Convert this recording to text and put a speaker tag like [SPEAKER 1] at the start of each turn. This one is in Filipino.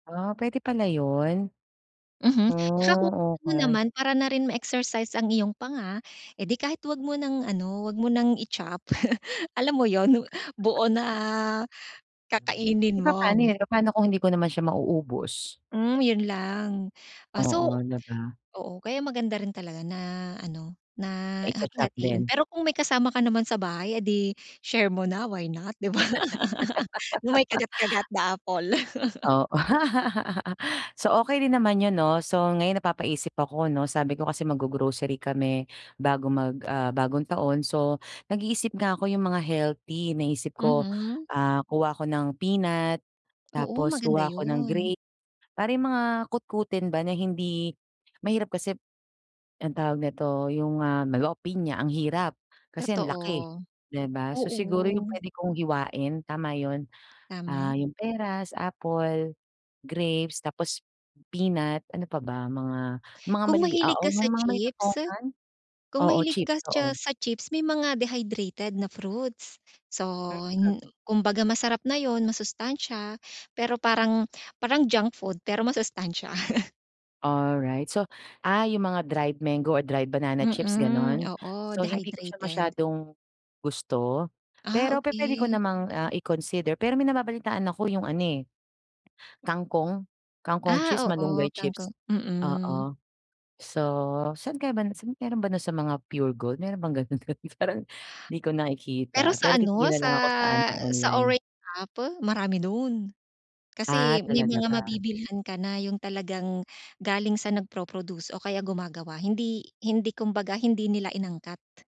[SPEAKER 1] Ah, puwede pala 'yon?
[SPEAKER 2] Mhm. 'Tsaka
[SPEAKER 1] Hmm,
[SPEAKER 2] [unintelligible] mo
[SPEAKER 1] okey.
[SPEAKER 2] naman para na rin ma-exercise ang iyong panga. Eh, 'di kahit wag mo nang, ano, wag mo nang i-chop. Alam mo 'yon, nu buo na
[SPEAKER 1] Eh,
[SPEAKER 2] kakainin mo.
[SPEAKER 1] papaano 'yon? Papaano kung hindi ko naman siya mauubos?
[SPEAKER 2] Hmm, 'yon lang. Ah, so
[SPEAKER 1] Oo, 'di ba?
[SPEAKER 2] oo, kaya maganda rin talaga na, ano, na
[SPEAKER 1] Na i-cho-chop
[SPEAKER 2] hati-hatiin.
[SPEAKER 1] din?
[SPEAKER 2] Pero kung may kasama ka naman sa bahay, eh, 'di share mo na, why not, 'di ba? No'ng may kagat-kagat na apple.
[SPEAKER 1] O so okey din naman 'yon, 'no? So ngayon napapaisip ako, 'no, sabi ko kasi maggo-grocery kami bago mag ah, ...Bagong Taon so nag-iisip nga ako 'yong mga healthy. Naisip ko,
[SPEAKER 2] Mhm.
[SPEAKER 1] ah, kuha ako ng peanut
[SPEAKER 2] Oo,
[SPEAKER 1] tapos
[SPEAKER 2] maganda
[SPEAKER 1] kuha ako ng
[SPEAKER 2] 'yon.
[SPEAKER 1] grape. Para 'yong mga kutkutin ba na hindi mahirap kasi anong tawag nito, 'yong, ah, melo pinya, ang hirap kasi ang laki,
[SPEAKER 2] Totoo,
[SPEAKER 1] 'di ba? So siguro 'yong
[SPEAKER 2] oo.
[SPEAKER 1] puwede kong hiwain, tama 'yon. Ah,
[SPEAKER 2] Tama.
[SPEAKER 1] 'yong peras, apple, grapes, tapos peanut, ano pa ba? Mga mga
[SPEAKER 2] Kung
[SPEAKER 1] malili
[SPEAKER 2] mahilig
[SPEAKER 1] oo,
[SPEAKER 2] ka
[SPEAKER 1] 'yong
[SPEAKER 2] sa
[SPEAKER 1] mga maliliit na
[SPEAKER 2] chips
[SPEAKER 1] ponkan.
[SPEAKER 2] kung
[SPEAKER 1] Oo,
[SPEAKER 2] mahilig ka
[SPEAKER 1] chips,
[SPEAKER 2] cha
[SPEAKER 1] oo.
[SPEAKER 2] sa chips, may mga dehydrated na fruits. So hin
[SPEAKER 1] [unintelligible]
[SPEAKER 2] kumbaga masarap na 'yon, masustansya. Pero parang parang junk food pero masustansya.
[SPEAKER 1] Alright. So, ah, 'yong mga dried mango or dried banana chips,
[SPEAKER 2] Mm,
[SPEAKER 1] gano'n?
[SPEAKER 2] oo,
[SPEAKER 1] So hindi ko siya
[SPEAKER 2] dehydrated.
[SPEAKER 1] masyadong gusto.
[SPEAKER 2] Ah,
[SPEAKER 1] Pero pupuwede ko
[SPEAKER 2] okey.
[SPEAKER 1] namang, ah, i-consider pero may nababalitaan ako 'yong ano, eh, kangkong. Kangkong chips,
[SPEAKER 2] Ah, oo,
[SPEAKER 1] malunggay
[SPEAKER 2] kangkong,
[SPEAKER 1] chips,
[SPEAKER 2] mm.
[SPEAKER 1] oo. So saan kaya banda, saan mayro'n ba no'n sa mga Puregold, mayro'n bang gano'n do'n? Parang 'di ko
[SPEAKER 2] Pero
[SPEAKER 1] nakikita. Pero
[SPEAKER 2] sa, ano,
[SPEAKER 1] titingin
[SPEAKER 2] sa
[SPEAKER 1] nalang ako sa, ano,
[SPEAKER 2] sa
[SPEAKER 1] online.
[SPEAKER 2] orange app marami no'n.
[SPEAKER 1] Ah,
[SPEAKER 2] Kasi may
[SPEAKER 1] talaga
[SPEAKER 2] mga
[SPEAKER 1] ba?
[SPEAKER 2] mabibilhan ka na 'yong talagang galing sa nagpro-produce o kaya gumagawa. Hindi hindi, kumbaga, hindi nila inangkat.